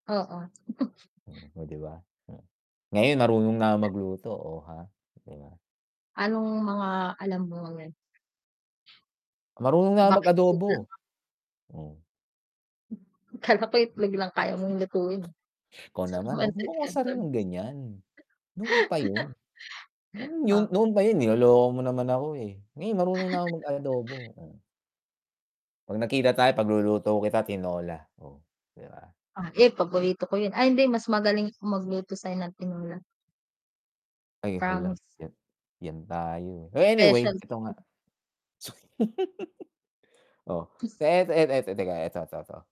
Oo. Hmm, oh 'di ba? Hmm. Ngayon marunong na ako magluto. Oh, ha, 'di ba? Anong mga alam mo yun? Marunong naa ko mag Bakit adobo. [unintelligible] Hmm. Akala ko itlog lang kaya mong lutuin Ikaw 'tsaka naman wag mo Pancit akong Canton. asarin ng ganyan, noon pa yun. Noon 'yon, Oh. noon pa yun niloloko mo naman ako, eh. Ngayon marunong na akong mag adobo, oh. 'Pag nagkita tayo pagluluto kita tinola. Oh, 'di ba? Ah, eh, paborito ko yun, ay hindi mas magaling ako magluto sa'yo ng tinola. Ay hala. Promise. 'Yan, 'yan tayo, eh. Anyway, Specialty 'eto ko nga. yun. Su oh. 'Eto, 'eto, 'eto teka 'eto 'to, 'to.